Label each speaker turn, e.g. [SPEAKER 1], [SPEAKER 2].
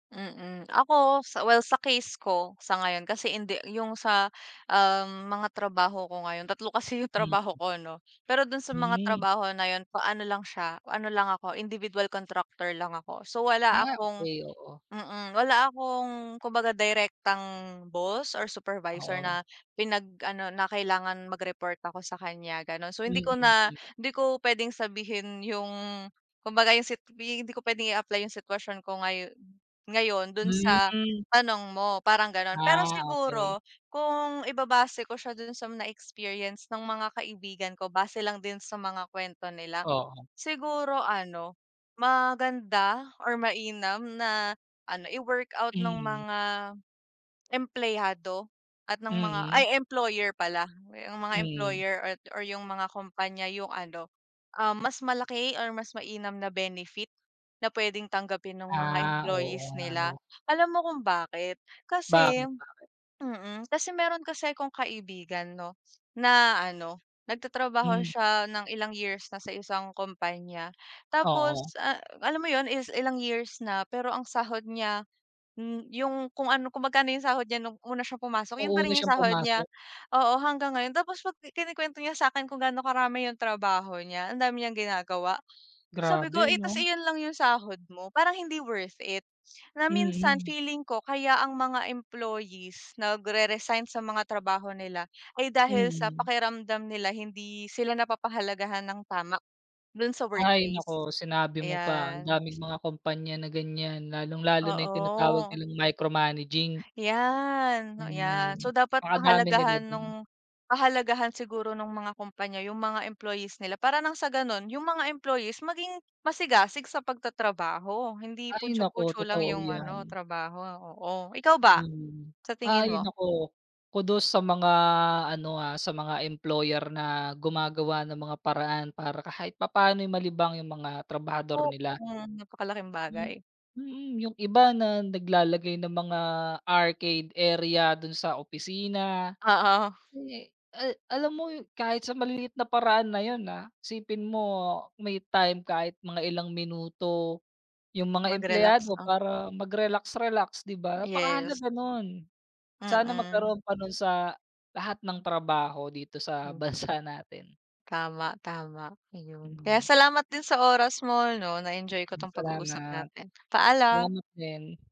[SPEAKER 1] Mm. Ako sa well sa case ko, sa ngayon, kasi hindi yung sa, um, mga trabaho ko ngayon, 3 kasi yung trabaho
[SPEAKER 2] Hmm.
[SPEAKER 1] ko no, pero dun sa mga
[SPEAKER 2] Hmm.
[SPEAKER 1] trabaho na yun ano lang siya, ano lang ako, individual contractor lang ako. So wala
[SPEAKER 2] Ah,
[SPEAKER 1] akong
[SPEAKER 2] okay oo.
[SPEAKER 1] mm, wala akong kumbaga direktang boss or supervisor
[SPEAKER 2] Oo.
[SPEAKER 1] na pinag-ano na kailangan mag-report ako sa kanya ganun. So hindi ko na na
[SPEAKER 2] Mm.
[SPEAKER 1] hindi ko pwedeng sabihin yung kumbaga yung sit hindi ko pwedeng i-apply yung sitwasyon ko ngayo ngayon dun sa
[SPEAKER 2] Hmm.
[SPEAKER 1] tanong mo parang ganon. Pero
[SPEAKER 2] Ah, okay.
[SPEAKER 1] siguro kung ibabase ko siya dun sa mga experience ng mga kaibigan ko, base lang din sa mga kwento nila,
[SPEAKER 2] Oo.
[SPEAKER 1] siguro ano, maganda or mainam na ano, i-workout ng
[SPEAKER 2] Mhm.
[SPEAKER 1] mga, empleyado at ng mga
[SPEAKER 2] Mm.
[SPEAKER 1] ay employer pala, yung mga
[SPEAKER 2] Mm.
[SPEAKER 1] employer at or yung mga kompanya yung ano ah, mas malaki or mas mainam na benefit na pwedeng tanggapin ng mga
[SPEAKER 2] Ah, oo
[SPEAKER 1] employees
[SPEAKER 2] nga
[SPEAKER 1] nila.
[SPEAKER 2] no.
[SPEAKER 1] Alam mo kung bakit kasi
[SPEAKER 2] Bakit bakit?
[SPEAKER 1] mm kasi meron kasi akong kaibigan 'no, na ano, nagtatrabaho
[SPEAKER 2] Hmm.
[SPEAKER 1] siya ng ilang years na sa isang kompanya tapos
[SPEAKER 2] Oo.
[SPEAKER 1] a alam mo 'yon, is ilang years na pero ang sahod niya, hmm, yung kung ano, kung magkano 'yong sahod niya nung una siyang pumasok
[SPEAKER 2] Nung
[SPEAKER 1] yun pa
[SPEAKER 2] una
[SPEAKER 1] rin yung
[SPEAKER 2] siyang
[SPEAKER 1] sahod niya,
[SPEAKER 2] pumasok.
[SPEAKER 1] oo, hanggang ngayon. Tapos 'pag kinukwento niya sa'kin kung gaano karami yung trabaho niya, ang dami niyang ginagawa, sabi ko,
[SPEAKER 2] Grabe
[SPEAKER 1] "Eh tas
[SPEAKER 2] 'no.
[SPEAKER 1] iyon lang yung sahod mo, parang hindi worth it." Na minsan
[SPEAKER 2] Mm.
[SPEAKER 1] feeling ko kaya ang mga employees nag-re-resign sa mga trabaho nila ay dahil sa
[SPEAKER 2] Hmm.
[SPEAKER 1] pakiramdam nila hindi sila napapahalagahan ng tama dun sa
[SPEAKER 2] Ay,
[SPEAKER 1] workplace.
[SPEAKER 2] naku sinabi mo pa, ang
[SPEAKER 1] Ayan.
[SPEAKER 2] daming mga kumpanya na ganyan, lalong lalo na yung tinatawag
[SPEAKER 1] Oo.
[SPEAKER 2] nilang micromanaging.
[SPEAKER 1] Yan, yan.
[SPEAKER 2] Hmm,
[SPEAKER 1] So dapat
[SPEAKER 2] napakadami nila
[SPEAKER 1] pahalagahan
[SPEAKER 2] dun.
[SPEAKER 1] nung pahalagahan siguro nung mga kumpanya yung mga employees nila para ng sa ganon, yung mga employees maging masigasig sa pagtatrabaho, hindi
[SPEAKER 2] Ay,
[SPEAKER 1] putchu
[SPEAKER 2] naku
[SPEAKER 1] putchu lang
[SPEAKER 2] totoo
[SPEAKER 1] yung ano
[SPEAKER 2] yan.
[SPEAKER 1] trabaho, oo. Ikaw ba,
[SPEAKER 2] Hmm,
[SPEAKER 1] sa
[SPEAKER 2] ay
[SPEAKER 1] tingin mo?
[SPEAKER 2] naku, kudos sa mga ano, ah, sa mga employer na gumagawa ng mga paraan para kahit papaano'y malibang yung mga
[SPEAKER 1] O,
[SPEAKER 2] trabahador nila.
[SPEAKER 1] mm, napakalaking
[SPEAKER 2] M
[SPEAKER 1] bagay.
[SPEAKER 2] Mm, yung iba na naglalagay ng mga arcade area dun sa opisina.
[SPEAKER 1] Oo.
[SPEAKER 2] Eh, ah, alam mo kahit sa maliit na paraan na yun, ah, isipin mo may time kahit mga ilang minuto yung mga
[SPEAKER 1] Mag-relax
[SPEAKER 2] empleyado
[SPEAKER 1] ah.
[SPEAKER 2] para mag-relax relax, di ba,
[SPEAKER 1] Yes.
[SPEAKER 2] napakahalaga nun. Sana
[SPEAKER 1] Mm.
[SPEAKER 2] magkaroon pa nun sa lahat ng trabaho dito sa
[SPEAKER 1] Hmm.
[SPEAKER 2] bansa natin.
[SPEAKER 1] Tama, tama ayun. Kaya
[SPEAKER 2] Hmm.
[SPEAKER 1] salamat din sa oras mo no, na-enjoy ko
[SPEAKER 2] Mm,
[SPEAKER 1] 'tong pag-uusap
[SPEAKER 2] salamat.
[SPEAKER 1] natin, paalam.
[SPEAKER 2] Salamat din.